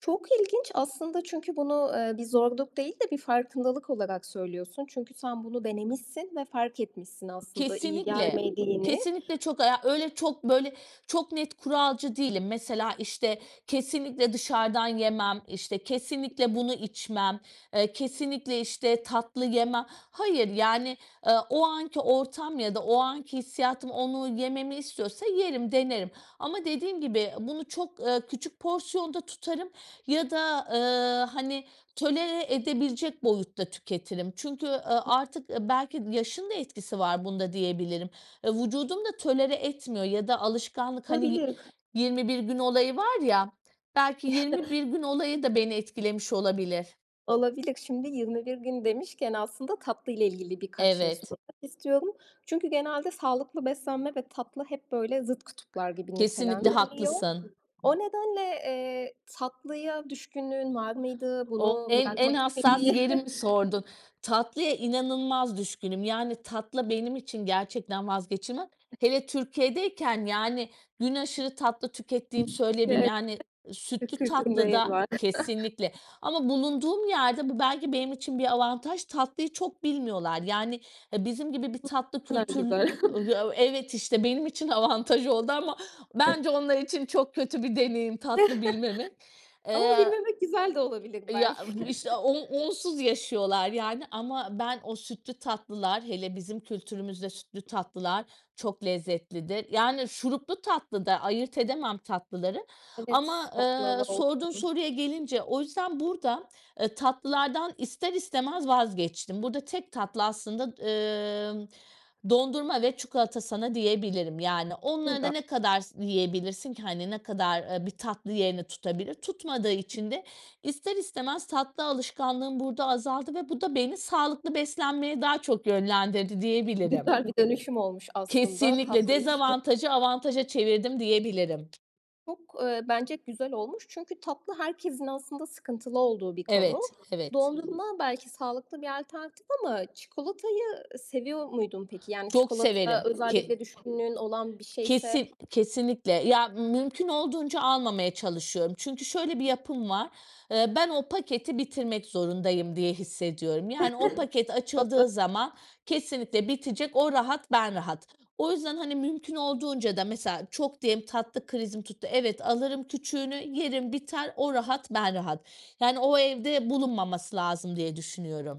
Çok ilginç aslında çünkü bunu, eee, bir zorluk değil de bir farkındalık olarak söylüyorsun. Çünkü sen bunu denemişsin ve fark etmişsin, aslında iyi Kesinlikle, gelmediğini. kesinlikle çok aya öyle çok, böyle, çok net kuralcı değilim, mesela, işte, "Kesinlikle dışarıdan yemem." işte, "Kesinlikle bunu içmem." eee, "Kesinlikle işte, tatlı yemem." Hayır, yani, eee, o anki ortam ya da o anki hissiyatım onu yememi istiyorsa yerim, denerim ama dediğim gibi, bunu çok, eee, küçük porsiyonda tutarım ya da, eee, hani, tolere edebilecek boyutta tüketirim çünkü, eee, artık, belki yaşın da etkisi var bunda diyebilirim, E, vücudum da tolere etmiyor ya da alışkanlık, hani, Olabilir. 21 bir gün olayı var ya, belki yirmi bir gün olayı da beni etkilemiş olabilir. Olabilir. Şimdi 21 gün demişken aslında, tatlıyla ilgili birkaç şey Evet. sormak istiyorum. Çünkü genelde sağlıklı beslenme ve tatlı hep böyle zıt kutuplar gibi Kesinlikle nitelendiriliyor. haklısın. O nedenle, eee, tatlıya düşkünlüğün var mıydı? O Bunu en, en bırakmak istermi? hassas yerimi sordun. Tatlıya inanılmaz düşkünüm, yani, tatlı benim için gerçekten vazgeçilmez. Hele Türkiye'deyken, yani, gün aşırı tatlı tükettiğimi söyleyebilirim. Çünkü Yani, evet, sütlü [unintelligible] değeri tatlıda var. kesinlikle ama bulunduğum yerde bu belki benim için bir avantaj, tatlıyı çok bilmiyorlar yani, ha bizim gibi bir Hımm. tatlı Ne kadar kültür güzel. Eee, ya evet işte, benim için avantaj oldu ama bence [unintelligible] onlar için çok kötü bir deneyim, tatlı bilmemek. Ama Eee bilmemek güzel de olabilir Ya, belki. işte o onsuz yaşıyorlar yani ama ben o sütlü tatlılar, hele bizim kültürümüzde, sütlü tatlılar çok lezzetlidir. Yani, şuruplu tatlı da, ayırt edemem tatlıları ama, Evet baklava ııı, sorduğun olsun. soruya gelince, o yüzden burada, ııı, tatlılardan ister istemez vazgeçtim. Burada tek tatlı aslında, ımm, dondurma ve çikolata sana diyebilirim yani, onları da Güzel. ne kadar s yiyebilirsin ki, hani, ne kadar, ııı, bir tatlı yerini tutabilir? Tutmadığı için de ister istemez tatlı alışkanlığım burada azaldı ve bu da beni sağlıklı beslenmeye daha çok yönlendirdi diyebilirim Güzel bir dönüşüm olmuş aslında Kesinlikle, tatlı için. dezavantajı, avantaja çevirdim, diyebilirim. Çok, ııı, bence güzel olmuş. Çünkü tatlı, herkesin aslında sıkıntılı olduğu bir konu. Evet, evet. Dondurma belki sağlıklı bir alternatif ama çikolatayı seviyor muydun peki? Yani Çok çikolata severim. Ke özellikle düşkünlüğün olan bir şeyse? Kesin kesinlikle, ya mümkün olduğunca almamaya çalışıyorum çünkü şöyle bir yapım var, ııı, ben o paketi bitirmek zorundayım diye hissediyorum, yani o paket [unintelligible] açıldığı zaman kesinlikle bitecek o rahat, ben rahat. O yüzden, hani, mümkün olduğunca da mesela, çok diyelim, tatlı krizim tuttu, evet alırım küçüğünü, yerim biter, o rahat, ben rahat. Yani o, evde bulunmaması lazım diye düşünüyorum.